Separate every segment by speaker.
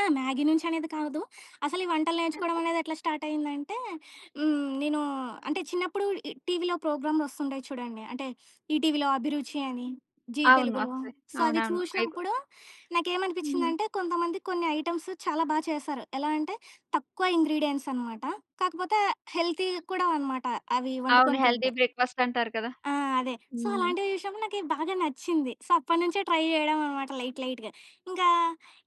Speaker 1: ఆ! మ్యాగీ నుంచి అనేది కాదు. అసలు ఈ వంటలు నేర్చుకోవడమానేది ఎట్లా స్టార్ట్ అయిందంటే హ్మ్, నేను అంటే చిన్నప్పుడు ఈ టీవీలో ప్రోగ్రాములు ఒస్తుంటాయి చూడండి. అంటే ఈటీవీలో అభిరుచి అని, జీ
Speaker 2: అవును.
Speaker 1: తెలుగులో.
Speaker 2: వాస్తవమే.
Speaker 1: సో, అవి
Speaker 2: అవునవును. అయికు
Speaker 1: చూశినప్పుడు
Speaker 2: హుహు.
Speaker 1: నాకేమనిపించిందంటే కొంతమంది కొన్ని ఐటెమ్స్ చాలా బా చేశారు. ఎలా అంటే తక్కువ ఇంగ్రీడియెంట్స్ అనమాట. కాకపోతే హెల్తీ కూడా అనమాట అవి
Speaker 2: అవును.
Speaker 1: వండుకొని
Speaker 2: హెల్తీ
Speaker 1: తింటే.
Speaker 2: బ్రేక్ఫాస్ట్ అంటారు కదా!
Speaker 1: ఆ! అదే. సో,
Speaker 2: హ్మ్.
Speaker 1: అలాంటివి చూశినప్పుడు నాకి బాగా నచ్చింది. సో, అప్పటినుంచే ట్రై జేయడం అన్నమాట లైట్ లైట్‌గా. ఇంకా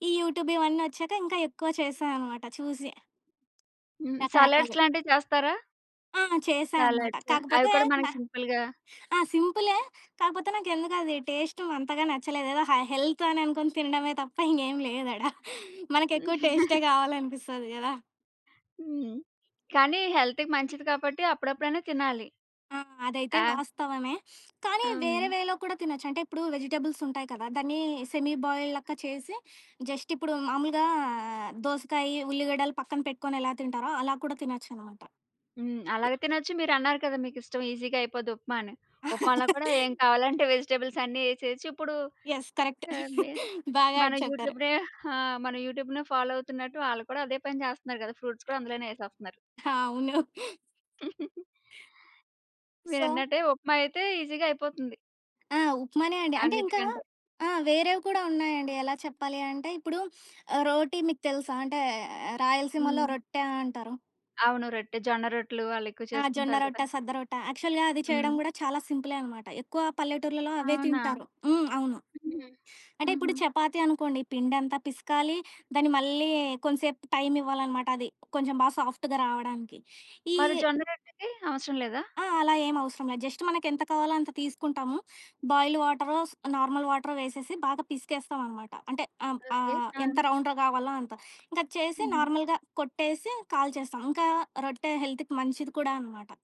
Speaker 1: ఈ యూట్యూబ్ ఇవన్నీ ఒచ్చాక ఇంకా ఎక్కువ చేశా అన్నమాట చూసి.
Speaker 2: హ్మ్. సలాడ్స్
Speaker 1: రకరకాలు.
Speaker 2: లాంటివి చేస్తారా?
Speaker 1: ఆ! చేసా అనమాట.
Speaker 2: సలాడ్స్ అవి
Speaker 1: కాకపోతే
Speaker 2: కూడా
Speaker 1: న
Speaker 2: మనకి సింపుల్‌గా
Speaker 1: ఆ! సింపులే. కాకపోతే నాకు ఎందుకో అది టేస్టు అంతగా నచ్చలేదు. ఏదో హై హెల్త్ అని అనుకోని తినడమే తప్ప ఇంగేం లేదాడ. మనకెక్కువ టేస్టే గావాలనిపిస్తది గదా!
Speaker 2: హ్మ్. కానీ హెల్త్‌కి మంచిది కాబట్టి అప్పుడప్పుడైనా తినాలి.
Speaker 1: ఆ! అదైతే
Speaker 2: ఆ!
Speaker 1: వాస్తవమే. కానీ వేరే
Speaker 2: అవును.
Speaker 1: వేలో కూడా తినొచ్చు. అంటే ఇప్పుడు వెజిటబుల్స్ ఉంటాయి కదా! దాన్ని సెమీ బాయిల్డ్ లెక్క చేసి జస్ట్ ఇప్పుడు మామూలుగా దోసకాయ, ఉల్లిగడ్డలు పక్కన పెట్టుకొని ఎలా తింటారో అలా కూడా తినొచ్చనమాట.
Speaker 2: హ్మ్.
Speaker 1: యాహ్!
Speaker 2: అలాగే తినొచ్చు. మీరు అన్నారు కదా! మీకు ఇష్టం ఈసీగా అయిపోద్ది ఉప్మా అని. ఉప్మాలో కూడా ఏం కావాలంటే వెజిటబుల్స్ అన్ని ఎసేయొచ్చు. ఇప్పుడు
Speaker 1: యెస్. కరెక్ట్.
Speaker 2: ఎ బి
Speaker 1: బాగా
Speaker 2: మన
Speaker 1: ఆడి చెప్తారు.
Speaker 2: యూట్యూబ్ రె ఆ! యూట్యూబ్‌నే ఫాలో అవుతున్నట్టు వాళ్ళు కూడా అదే పని చేస్తున్నారు గదా! ఫ్రూట్స్ కూడా అందులోనే ఏసేస్తున్నారు.
Speaker 1: ఆ! అవును. సో
Speaker 2: మీరన్నట్టే ఉప్మా అయితే ఈసీగా అయిపోతుంది.
Speaker 1: ఆ! ఉప్మానే అండి. అంటే ఇంకా
Speaker 2: అన్నికంటే.
Speaker 1: ఆ! వేరేవి కూడా ఉన్నాయండి. ఎలా చెప్పాలి అంటే ఇప్పుడు ఆహ్, రోటి మీకు తెలుసా? అంటే 'రాయలసీమలో'
Speaker 2: హ్మ్.
Speaker 1: రొట్టె అంటారు.
Speaker 2: అవును. రొట్టె, జొన్న రొట్టెలు వాళ్ళెక్కువ
Speaker 1: ఆ! జొన్న
Speaker 2: చేసుకుంటారు గదా!
Speaker 1: రొట్ట, సద్దరొట్టా. యాక్చువల్‌గా అది చేయడం
Speaker 2: హ్మ్.
Speaker 1: కూడా చాలా సింపులే అనమాట. ఎక్కువ పల్లెటూర్లలో అవే
Speaker 2: అవునా?
Speaker 1: తింటారు. హ్మ్. అవును.
Speaker 2: హుహు.
Speaker 1: అంటే
Speaker 2: హుహు.
Speaker 1: ఇప్పుడు చపాతీ అనుకోండి పిండంత పిసకాలి, దాన్ని మళ్ళీ కొంచెంసేపు టైం ఇవ్వాలన్నమాట అది. కొంచెం బాగా సాఫ్ట్‌గా రావడానికి. ఈ
Speaker 2: మరి జొన్న రొట్టెకి అవసరం లేదా?
Speaker 1: ఆ! అలా ఏం అవసరం లేదు. జస్ట్ మనకెంత కావాలో అంత తీసుకుంటాము. బాయిల్డ్ వాటరో స్ నార్మల్ వాటరో వేసేసి బాగా పిసికేస్తామన్నమాట. అంటే అ
Speaker 2: ఓకే.
Speaker 1: ఆహ్
Speaker 2: ఆ!
Speaker 1: ఎంత రౌండ్‌గా గావాలో అంత. ఇంకా చేసి
Speaker 2: హుహు.
Speaker 1: నార్మల్‌గా కొట్టేసి కాల్చేస్తాం. ఇంకా రొట్టె హెల్త్‌కి మంచిది కూడా అనమాట.